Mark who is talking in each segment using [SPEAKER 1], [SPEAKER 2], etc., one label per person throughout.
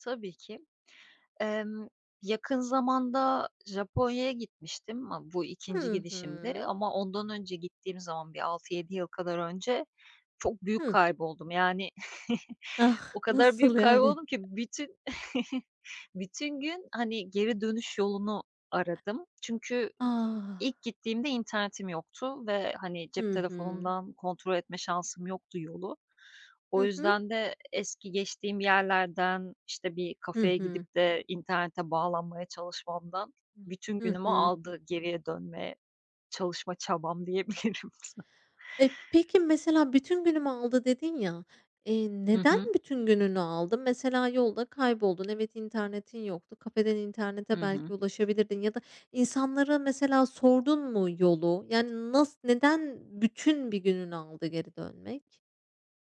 [SPEAKER 1] Tabii ki. Emm, yakın zamanda Japonya'ya gitmiştim. Ama bu 2'nci
[SPEAKER 2] Hı
[SPEAKER 1] gidişimdi
[SPEAKER 2] hı.
[SPEAKER 1] ama ondan önce gittiğim zaman bir 6-7 yıl kadar önce çok büyük
[SPEAKER 2] Hıh.
[SPEAKER 1] kayboldum, yani,
[SPEAKER 2] Ah.
[SPEAKER 1] o kadar büyük
[SPEAKER 2] Nasıl yani?
[SPEAKER 1] kayboldum ki bütün bütün gün, hani, geri dönüş yolunu aradım. Çünkü
[SPEAKER 2] A!
[SPEAKER 1] ilk gittiğimde internetim yoktu ve, hani, cep
[SPEAKER 2] Hı hı.
[SPEAKER 1] telefonumdan kontrol etme şansım yoktu yolu. O
[SPEAKER 2] Hı hı.
[SPEAKER 1] yüzden de eski geçtiğim yerlerden, işte, bir
[SPEAKER 2] Hı
[SPEAKER 1] kafeye
[SPEAKER 2] hı.
[SPEAKER 1] gidip de internete bağlanmaya çalışmamdan bütün
[SPEAKER 2] Hı
[SPEAKER 1] günümü
[SPEAKER 2] hı.
[SPEAKER 1] aldı geriye dönmeye, çalışma çabam diyebilirim.
[SPEAKER 2] E, peki, mesela "Bütün günümü aldı." dedin ya, eee,
[SPEAKER 1] Hı
[SPEAKER 2] neden
[SPEAKER 1] hı.
[SPEAKER 2] bütün gününü aldı? Mesela yolda kayboldun. Evet, internetin yoktu. Kafeden
[SPEAKER 1] I
[SPEAKER 2] internete
[SPEAKER 1] hı.
[SPEAKER 2] belki ulaşabilirdin ya da insanlara mesela sordun mu yolu? Yani, nas neden bütün bir gününü aldı geri dönmek?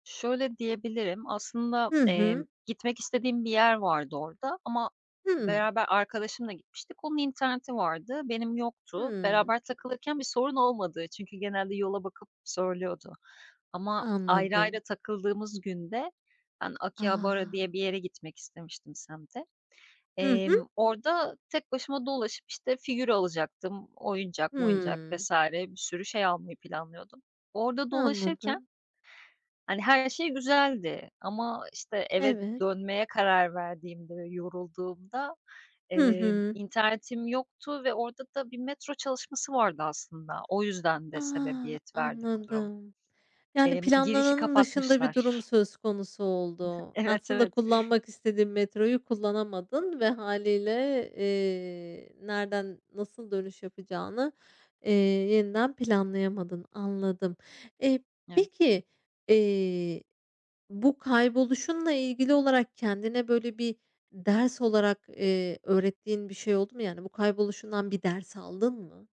[SPEAKER 1] Şöyle diyebilirim, aslında,
[SPEAKER 2] Hı
[SPEAKER 1] emm,
[SPEAKER 2] hı.
[SPEAKER 1] gitmek istediğim bir yer vardı orada ama
[SPEAKER 2] Hımm.
[SPEAKER 1] beraber arkadaşımla gitmiştik, onun interneti vardı. Benim yoktu.
[SPEAKER 2] Hımm.
[SPEAKER 1] Beraber takılırken bir sorun olmadı çünkü genelde yola bakıp söylüyordu ama ayrı ayrı
[SPEAKER 2] Anladım.
[SPEAKER 1] takıldığımız günde ben Akihabara
[SPEAKER 2] A!
[SPEAKER 1] diye bir yere gitmek istemiştim semte.
[SPEAKER 2] Hı hı.
[SPEAKER 1] Emm, orada tek başıma dolaşıp, işte, figür alacaktım, oyuncak moyuncak
[SPEAKER 2] Hımm.
[SPEAKER 1] vs. bir sürü şey almayı planlıyordum. Orada dolaşırken
[SPEAKER 2] Anladım.
[SPEAKER 1] hani, her şey güzeldi ama, işte,
[SPEAKER 2] E
[SPEAKER 1] eve
[SPEAKER 2] evet.
[SPEAKER 1] dönmeye karar verdiğimde ve yorulduğumda,
[SPEAKER 2] Hı
[SPEAKER 1] eee,
[SPEAKER 2] hı.
[SPEAKER 1] internetim yoktu ve orada da bir metro çalışması vardı aslında. O yüzden de
[SPEAKER 2] Ah!
[SPEAKER 1] sebebiyet verdi bu durum.
[SPEAKER 2] Anladım. Yani,
[SPEAKER 1] Emm, girişi
[SPEAKER 2] planlananın dışında bir durum
[SPEAKER 1] kapatmışlar.
[SPEAKER 2] söz konusu oldu.
[SPEAKER 1] Evet,
[SPEAKER 2] Aslında
[SPEAKER 1] evet.
[SPEAKER 2] kullanmak istediğin metroyu kullanamadın ve hâliyle, eee, nereden nasıl dönüş yapacağını, eee, yeniden planlayamadın. Anladım. Eee,
[SPEAKER 1] Evet.
[SPEAKER 2] peki, eee, bu kayboluşunla ilgili olarak kendine, böyle, bir ders olarak, eee, öğrettiğin bir şey oldu mu? Yani, bu kayboluşundan bir ders aldın mı?